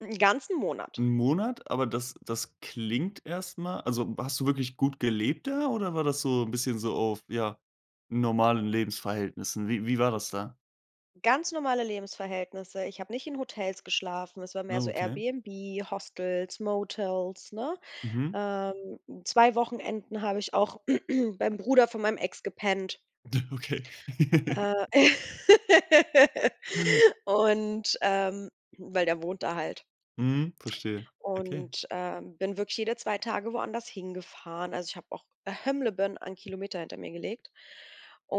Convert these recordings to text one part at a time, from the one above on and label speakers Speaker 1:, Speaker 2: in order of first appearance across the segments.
Speaker 1: 'Nen ganzen Monat.
Speaker 2: 'N Monat, aber das das klingt erst mal also, hast du wirklich gut gelebt da oder war das so 'n bisschen so auf, ja, normalen Lebensverhältnissen? Wie Wie war das da?
Speaker 1: Ganz normale Lebensverhältnisse. Ich habe nicht in Hotels geschlafen, es war mehr
Speaker 2: Ah,
Speaker 1: so
Speaker 2: okay.
Speaker 1: AirBnB, Hostels, Motels, ne?
Speaker 2: Mhm.
Speaker 1: Ähm, 2 Wochenenden habe ich auch beim Bruder von meinem Ex gepennt.
Speaker 2: Ja, okay.
Speaker 1: Äh. Und, ähm weil der wohnt da halt.
Speaker 2: Mhm, verstehe. Okay.
Speaker 1: Und, ähm, bin wirklich jede 2 Tage woanders hingefahren. Also, ich habe auch [unintelligible] an Kilometer hinter mir gelegt.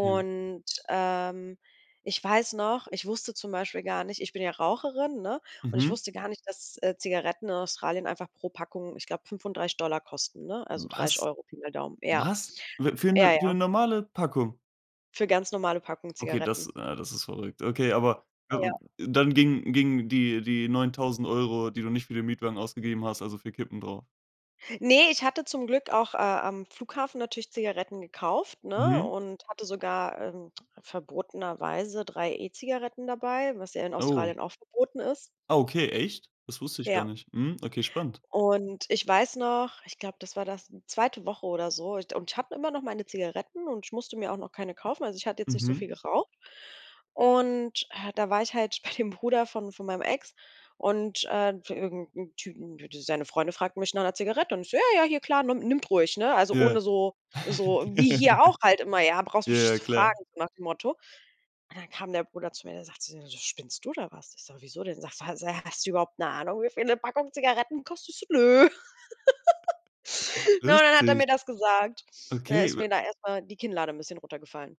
Speaker 2: Ja.
Speaker 1: ähm, ich weiß noch, ich wusste zum Beispiel gar nicht ich bin ja Raucherin, ne, und ich
Speaker 2: Mhm.
Speaker 1: wusste gar nicht, dass, äh, Zigaretten in Australien einfach pro Packung, ich glaube 35 $ kosten, ne, also, dreißig
Speaker 2: Was?
Speaker 1: Euro Pi mal Daumen, ja.
Speaker 2: Was? W für
Speaker 1: Ja,
Speaker 2: 'ne für
Speaker 1: ja.
Speaker 2: normale Packung?
Speaker 1: Für ganz normale Packungen
Speaker 2: Okay, das
Speaker 1: Zigaretten.
Speaker 2: ne, das ist verrückt. Okay, aber,
Speaker 1: Ja.
Speaker 2: [unintelligible] dann gingen gingen die die 9000 €, die du nicht für den Mietwagen ausgegeben hast, also für Kippen drauf?
Speaker 1: Ne, ich hatte zum Glück auch, äh, am Flughafen natürlich Zigaretten gekauft, ne,
Speaker 2: Mhm.
Speaker 1: und hatte sogar, ähm, verbotenerweise 3 E-Zigaretten dabei, was ja in
Speaker 2: Oh.
Speaker 1: Australien auch verboten ist.
Speaker 2: Okay, echt? Das wusste ich gar
Speaker 1: Ja.
Speaker 2: nicht. Mhm. Okay, spannend.
Speaker 1: Und ich weiß noch, ich glaube, das war das 2. Woche oder so und ich hatte immer noch meine Zigaretten und ich musste mir auch noch keine kaufen. Also, ich hatte jetzt nicht so viel
Speaker 2: Mhm.
Speaker 1: geraucht. Und, äh, da war ich halt bei dem Bruder von von meinem Ex und, äh irgend 'nem Typen d d seine Freunde fragten mich nach 'ner Zigarette und ich so: „Ja, ja, hier klar, nimm nimmt ruhig“, ne? Also,
Speaker 2: Ja.
Speaker 1: ohne so so wie hier auch halt immer: „Ja, brauchst mich nicht
Speaker 2: Ja,
Speaker 1: zu
Speaker 2: klar.
Speaker 1: fragen“, so nach dem Motto. Und dann kam der Bruder zu mir, der sagt zu mir so: „Spinnst du oder was?“ Ich so: „Wieso denn?“ Sagt er: „Hast du überhaupt 'ne Ahnung, wie viel 'ne Packung Zigaretten, kostet?“ Ich so: „Nö.“ Und dann hat er
Speaker 2: Lustig.
Speaker 1: mir das gesagt. Dann
Speaker 2: Okay,
Speaker 1: ist
Speaker 2: w
Speaker 1: mir da erst mal die Kinnlade 'n bisschen runtergefallen.